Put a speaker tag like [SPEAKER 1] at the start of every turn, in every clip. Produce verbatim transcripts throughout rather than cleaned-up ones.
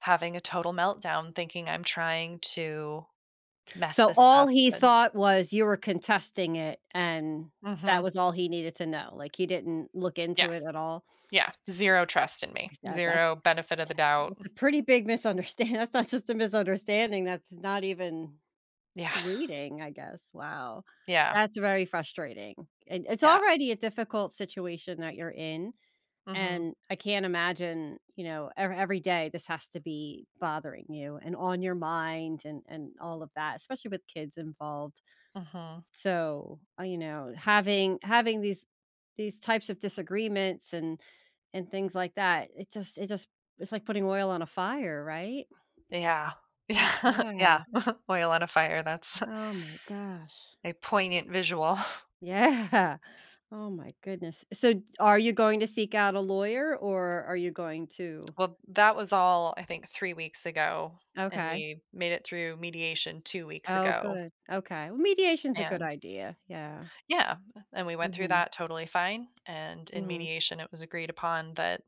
[SPEAKER 1] Having a total meltdown thinking I'm trying to mess
[SPEAKER 2] So,
[SPEAKER 1] this
[SPEAKER 2] all
[SPEAKER 1] up,
[SPEAKER 2] he
[SPEAKER 1] and
[SPEAKER 2] thought was you were contesting it, and that
[SPEAKER 1] Mhm.
[SPEAKER 2] was all he needed to know, like, he didn't look
[SPEAKER 1] Yeah,
[SPEAKER 2] into it at all?
[SPEAKER 1] yeah, zero trust in me,
[SPEAKER 2] Tha that that's
[SPEAKER 1] zero benefit of the doubt m
[SPEAKER 2] a pretty big misunderstand that's not just a misunderstanding, that's not even
[SPEAKER 1] Yeah.
[SPEAKER 2] reading, I guess, wow
[SPEAKER 1] Yeah.
[SPEAKER 2] that's very frustrating, and it's
[SPEAKER 1] Yeah.
[SPEAKER 2] already a difficult situation that you're in,
[SPEAKER 1] Mhm.
[SPEAKER 2] and I can't imagine, you know, ever every day this has to be bothering you, and on your mind, and and all of that especially with kids involved,
[SPEAKER 1] Mhm.
[SPEAKER 2] so, uh, you know, having having these these types of disagreements, and and things like that, it just it just it's like putting oil on a fire, right?
[SPEAKER 1] Yeah, yeah, yeah,
[SPEAKER 2] Yeah.
[SPEAKER 1] oil on a fire, that's
[SPEAKER 2] Oh my gosh.
[SPEAKER 1] a poignant visual.
[SPEAKER 2] Yeah, oh my goodness, so g are you going to seek out a lawyer, or are you going to
[SPEAKER 1] Well, that was all I think, three weeks ago, and
[SPEAKER 2] Okay.
[SPEAKER 1] we made it through mediation two weeks
[SPEAKER 2] Oh,
[SPEAKER 1] ago.
[SPEAKER 2] good, okay mediation's a good
[SPEAKER 1] And
[SPEAKER 2] idea, yeah.
[SPEAKER 1] Yeah, m and we went through
[SPEAKER 2] Mhm.
[SPEAKER 1] that totally fine, and in
[SPEAKER 2] Mhm.
[SPEAKER 1] mediation, it was agreed upon that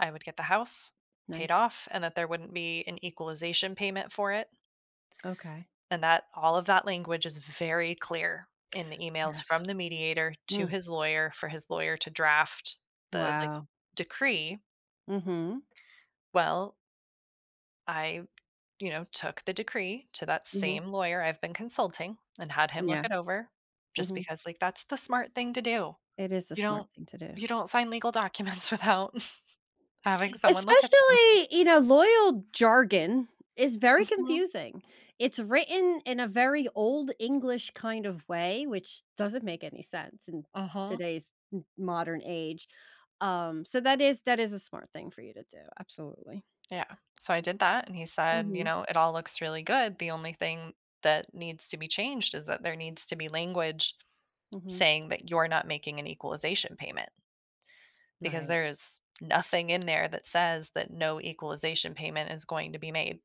[SPEAKER 1] I would get the house, paid
[SPEAKER 2] Nice.
[SPEAKER 1] off, and that there wouldn't be an equalization payment for it.
[SPEAKER 2] Okay.
[SPEAKER 1] And that all of that language is very clear in the
[SPEAKER 2] Yeah,
[SPEAKER 1] emails from the mediator to
[SPEAKER 2] mm.
[SPEAKER 1] his lawyer, for his lawyer to draft the, like,
[SPEAKER 2] Wow.
[SPEAKER 1] decree.
[SPEAKER 2] Mhm.
[SPEAKER 1] Well I you know, took the decree to that
[SPEAKER 2] Mhm.
[SPEAKER 1] same lawyer I've been consulting, and had him
[SPEAKER 2] Yeah.
[SPEAKER 1] look it over, just
[SPEAKER 2] Mhm.
[SPEAKER 1] because, like, that's the smart thing to do,
[SPEAKER 2] It is a
[SPEAKER 1] you
[SPEAKER 2] smart
[SPEAKER 1] don't
[SPEAKER 2] thing to do.
[SPEAKER 1] you don't sign legal documents without having someone look at them.
[SPEAKER 2] Especially, you know, loyal jargon is very
[SPEAKER 1] Mhm.
[SPEAKER 2] confusing, it's written in a very old English kind of way, which doesn't make any sense in
[SPEAKER 1] Mhm.
[SPEAKER 2] today's m modern age, um, so, that is that is a smart thing for you to do, absolutely.
[SPEAKER 1] Yeah, so, I did that, and he said, you
[SPEAKER 2] Mhm.
[SPEAKER 1] know, "It all looks really good, the only thing that needs to be changed is that there needs to be language
[SPEAKER 2] Mhm.
[SPEAKER 1] saying that you're not making an equalization payment, because
[SPEAKER 2] Right.
[SPEAKER 1] there is nothing in there that says that no equalization payment is going to be made."